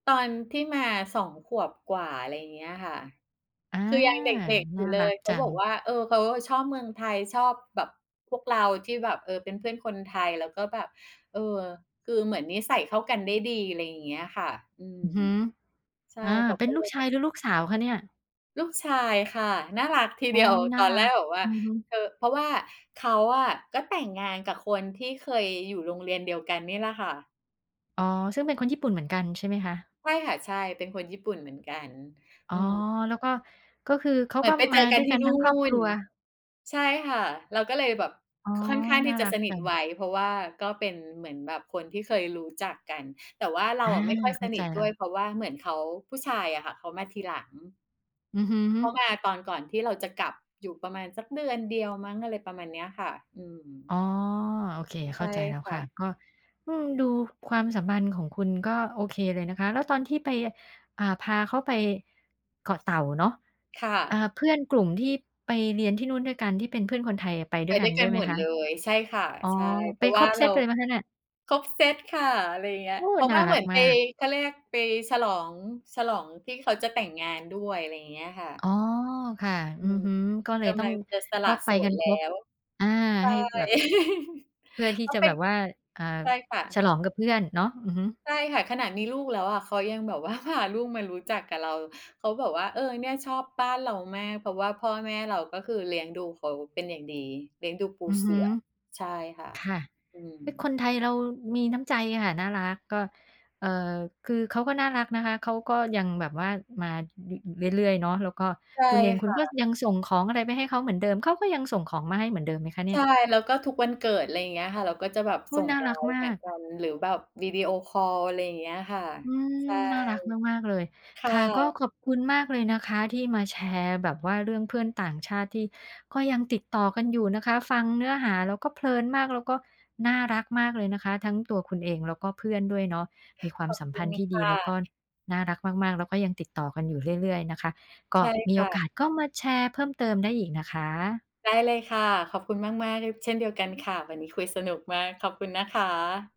ตอนที่มา 2 ขวบกว่า อะไรเงี้ยค่ะ อา คือยังเด็ก ๆ อนยู่่าเลรัย กเขจาับอกง ว่า "เออ เขาอะชอบเมืองไทย ชอบแบบพวกเราที่แบบ เอ่อ เป็นเพื่อนคนไทย แล้วก็แบบ เอ่อ คือเหมือนนิสัยเข้ากันได้ดี" ไรอย่างเงี้ยค่ะ อืม อือฮึ ใช่ อา เขาเปก็น็ลเูลกยชแบบ ายหรือลูกสาวคะเนี่ย? ลูกชายค่ะ น่ารัก ทีโอเ๊ดียว ย น่ตาอรนแัรก กแบบว่าอือฮึ เธอ เพราะว่าเขาอะก็แต่งงานกับคนที่เคยอยู่โรงเรียนเดียวกันนี่แหละค่ะ อ๋อ ซึ่งเป็นคนญี่ปุ่นเหมือนกัน ใช่ไหมคะ? ใช่ค่ะ ใช่ เป็นคนญี่ปุ่นเหมือนกัน อ๋ออ ืม แล้วก็ ก็คือเขาเหมกื็อนไปมเจาอกดั้วนยทกีั่นนทูั่้งครอบครน ัว ใช่ค่ะ แล้วก็เลยแบบ อ๋อ ค ค่อนข้างนท่ี่าจระักสนิจัทง ไว เพราะว่าก็เป็นเหมือนแบบคนที่เคยรู้จักกัน แต่ว่าเรอาา อะไม่ค่อยเขส้านใจิทแลด้้วย ว เพราะว่าเหมือนเขา ผู้ชายอะค่ะ เขามาทีหลัง อือฮึ เขามาตอนก่อนที่เราจะกลับ อยู่ประมาณสักเดือนเดียวมั้ง อะไรประมาณเนี้ยค่ะ อืม อ๋อ โอเค ใเชข้่าใจแล้วคค่ะ ่ะ ก็ อืม ดูความสัมพันธ์ของคุณก็โอเคเลยนะคะ แล้วตอนที่ไป อ่า พาเขาไป เกาะเต่าเนาะ ค่เอ่อ ะ เพื่อนกลุ่มที่ไปเรียนที่นู่นด้วยกัน ที่เป็นเพื่อนคนไทยอะไปดไ้ปวยกัด้น วยกด้ัวนยไหหมมดคเะ? ลย ใช่ค่ะ อ๋อ ใช่ เพไปราะวค่ราบเเซรา ตเลยไหมคะเนี่ย? ครบเซตค่ะ อะไรเงี้ย โอ้ เพราะนว่า่าเหรัมืกอนไมป าก เขาเรียกไปฉลอง ฉลองที่เขาจะแต่งงาน ด้วย ไรเงี้ยค่อะ ๋อ ค่ะ ออืือม ฮึ ก็เลกยตำ้อลัง งจะสลก็ะไโปสกัดนแคลร้บ ว ใชอ่า ให้่ แบบ เพื่อทีเข่าจะเป็แบน บว่า อ่า ใช่ค่ฉะ ลองกับเพื่อนเนาะ อือฮึ ใช่ค่ะ ขนาดมีลูกแล้วอะเขายังแบบ ว่าพา ลูกมารู้จักกับเรา เขาบอกว่า "เออ เนี่ย ชอบบ้านเรามาก เพราะว่าพ่อแม่เรา ก็คือเลี้ยงดูเขาเป็นอย่างดี" เลี้ยงดูปูอือเฮสืึ ่อ ใช่ค่ะ ค่ะ อืเฮ้ย ม คนไทยเรามีน้ำใจค่ะ น่ารัก ก็ เอ่อ คือเขาก็น่ารักนะคะ เขาก็ยังแบบว่ามา เรื่อย ๆ เนาะ แล้วก็ ใช่คุณเอง คคุณ่ก็ะ ยังส่งของอะไรไปให้เขาเหมือนเดิม เขาก็ยังส่งของมาให้เหมือนเดิมไหมคะเนีใ่ชย? ่ แล้วก็ทุกวันเกิด ไรเงี้ยค่ะ เราก็จะแบบโอ้สโ่ฮ ง น่ารักLINE มาทักก กัน หรือแบบวิดีโอคอล ไรอย่างเงี้ยค่ะ อืใชม ่ น่ารักมาก ๆ เลย ค่ค่ะ ก็ะ ขอบคุณมากเลยนะคะที่มาแชร์แบบว่าเรื่องเพื่อนต่างชาติที่ก็ยังติดต่อกันอยู่นะคะ ฟังเนื้อหาแล้วก็เพลินมาก แล้วก็น่ารักมากเลยนะคะ ทั้งตัวคุณเองแล้วก็เพื่อนด้วยเนาะ มีควาขมอบสัมคพุันณธ์ที่คดี่แล้วกะ ็น่ารักมาก ๆ แล้วก็ยังติดต่อกันอยู่เรื่อย ๆ นะคะ กใช็ ่มคีโอ่กะ าสก็มาแชร์เพิ่มเติมได้อีกนะคะ ได้เลยค่ะ ขอบคุณมาก ๆ ด เช่นเดียวกันค่ะ วันนี้คุยสนุกมาก ขอบคุณนะคะ